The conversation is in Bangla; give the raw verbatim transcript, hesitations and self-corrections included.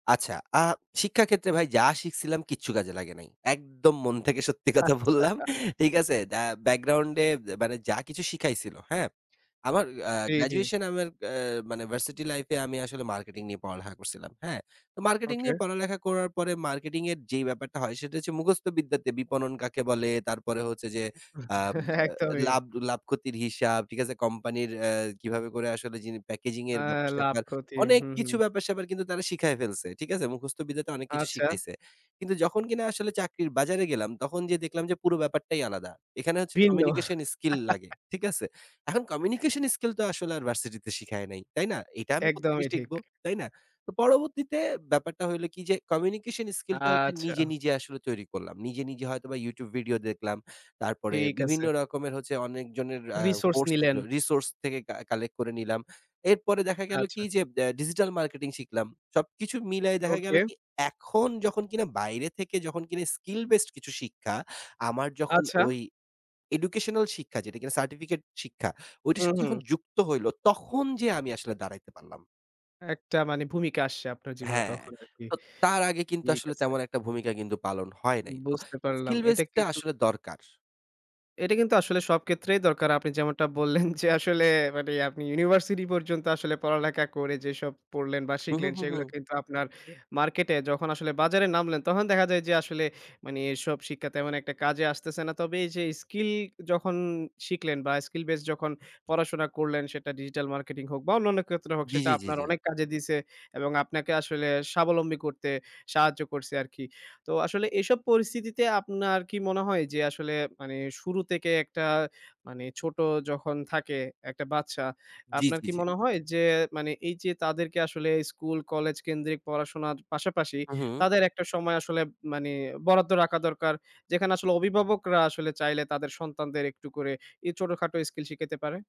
আচ্ছা। আ শিক্ষা ক্ষেত্রে ভাই যা শিখছিলাম কিচ্ছু কাজে লাগে নাই। একদম মন থেকে সত্যি কথা বললাম, আচ্ছা। ঠিক আছে? দা ব্যাকগ্রাউন্ড এ অ্যা মানে যা কিছু শিখাইছিল, হ্যাঁ? আমার আ জ্বী, জ্বী। গ্র্যাজুয়েশন আমার অ্যা মানে ভার্সিটি লাইফ এ আমি আসলে মার্কেটিং নিয়ে পড়ালেখা করছিলাম, হ্যাঁ? তো মার্কেটিং ওকে। নিয়ে পড়ালেখা করার পরে মার্কেটিং এর যেই ব্যাপারটা হয় সেটা হচ্ছে মুখস্থ বিদ্যাতে বিপণন কাকে বলে? তারপরে হচ্ছে যে আম আ একদমই। লাভ লাভক্ষতির হিসাব, ঠিক আছে? কোম্পানির অ্যা কিভাবে করে আসলে যিনি প্যাকেজিং এর অ্যা ব্যাপার-স্যাপার। লাভ-ক্ষতি। অনেক হু, হু। কিছু ব্যাপার-স্যাপার কিন্তু তারা শিখায় ফেলছে, ঠিক আছে? মুখস্থ বিদ্যাতে অনেক কিছু আচ্ছা। শিখাইছে। কিন্তু যখন কিনা আসলে চাকরির বাজারে গেলাম তখন যেয়ে দেখলাম যে পুরো ব্যাপারটাই আলাদা। এখানে হচ্ছে ভিন্ন। কমিউনিকেশন স্কিল লাগে, ঠিক আছে? এখন কমিউনিকেশন স্কিল তো আসলে আর ভার্সিটিতে শিখায় নাই, তাই না? এটা আমি কোত্থেকে একদমই ঠিক। শিখবো, তাই না? তো পরবর্তীতে ব্যাপারটা হইলো কি যে কমিউনিকেশন স্কিলটা হচ্ছে নিজে, আচ্ছা। নিজে আসলে তৈরি করলাম। নিজে, নিজে হয়তো বা YouTube ভিডিও দেখলাম, তারপরে ঠিক আছে। বিভিন্ন রকমের হচ্ছে অনেকজনের আ রিসোর্স কোর্স নিলেন। ছিলো, রিসোর্স থেকে কা কালেক্ট করে নিলাম। এরপরে দেখা গেল কি আচ্ছা। যে ব্যা ডিজিটাল মার্কেটিং শিখলাম। সবকিছু মিলায় দেখা গেল ওকে। কি? এখন যখন কিনা বাইরে থেকে যখন কিনা skill based কিছু শিক্ষা আমার যখন আচ্ছা। ওই এডুকেশনাল শিক্ষা যেটা কিনা সার্টিফিকেট শিক্ষা, ওইটার হুম, সাথে যখন হুম। যুক্ত হইল, তখন যেয়ে আমি আসলে দাঁড়াইতে পারলাম। একটা মানে ভূমিকা আসছে আপনার জীবনে হ্যাঁ। তখন আরকি। তো তার আগে কিন্তু ঠিক আসলে আছে। তেমন একটা ভূমিকা কিন্তু পালন হয় নাই। তো বুঝতে পারলাম। skill base এটা টা কিন্তু আসলে দরকার। এটা কিন্তু আসলে সব কেত্রেই দরকার। আপনি যেমনটা বললেন যে আসলে মানে আপনি ইউনিভার্সিটি পর্যন্ত আসলে পড়ালেখা করে যেসব পড়লেন বা হু, হু, শিখলেন, হু, সেগুলো হু। কিন্তু আপনার মার্কেটে যখন আসলে বাজারে নামলেন, তখন দেখা যায় যে আসলে মানে এসব শিক্ষা তেমন একটা কাজে আসতেছে না। তবে এইযে স্কিল যখন শিখলেন বা skill base যখন পড়াশোনা করলেন। সেটা ডিজিটাল মার্কেটিং হোক বা অন্যান্য কেত্রে হোক জি, সেটা জি জি, আপনার জি। অনেক কাজে দিছে। এবং আপনাকে আসলে স্বাবলম্বী করতে সাহায্য করছে আরকি। তো আসলে এসব পরিস্থিতিতে আপনার কি মনে হয় যে আসলে মানে শুরু তেকে একটা, মানে ছোট যখন থাকে একটা বাচ্চা, জ্বি, আপনার জ্বি, কি জ্বি। মনে হয় যে মানে এইযে তাদেরকে আসলে স্কুল-কলেজ কেন্দ্রিক পড়াশোনার পাশাপাশি হু, হু। তাদের একটা সময় আসলে মানে বরাদ্দ রাখা দরকার? যেখানে আসলে অভিভাবকরা আসলে চাইলে তাদের সন্তানদের একটু করে এই ছোটখাটো স্কিল শিখাইতে পারে?